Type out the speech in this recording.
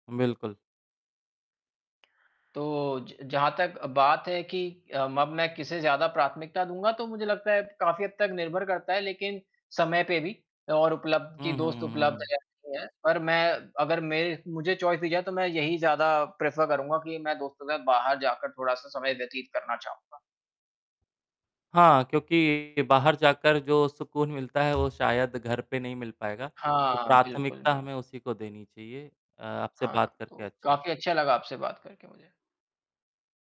बिल्कुल। तो, ज जहाँ तक अ, बात है कि अ, म अब मैं किसे ज़्यादा प्राथमिकता दूँगा, तो मुझे लगता है, काफ़ी हद तक निर्भर करता है लेकिन समय पे भी और उपलब्ध कि हुँ, हुँ, दोस्त हुँ, हुँ, उपलब्ध हुँ। रहती है पर मैं अगर मेरे मुझे चॉइस दी जाए, तो मैं यही ज़्यादा प्रेफर करूँगा कि मैं दोस्तों के साथ बाहर जाकर थोड़ा-सा समय व्यतीत करना चाहूँगा। हाँ, क्योंकि बाहर जाकर जो सुकून मिलता है, वो शायद घर पे नहीं मिल पाएगा, तो हाँ, बिल्कुल, प्राथमिकता बिल्कुल हमें उसी को देनी चाहिए। अ, आपसे हाँ, बात करके तो अच्छा लगा। काफ़ी अच्छा लगा आपसे बात करके मुझे।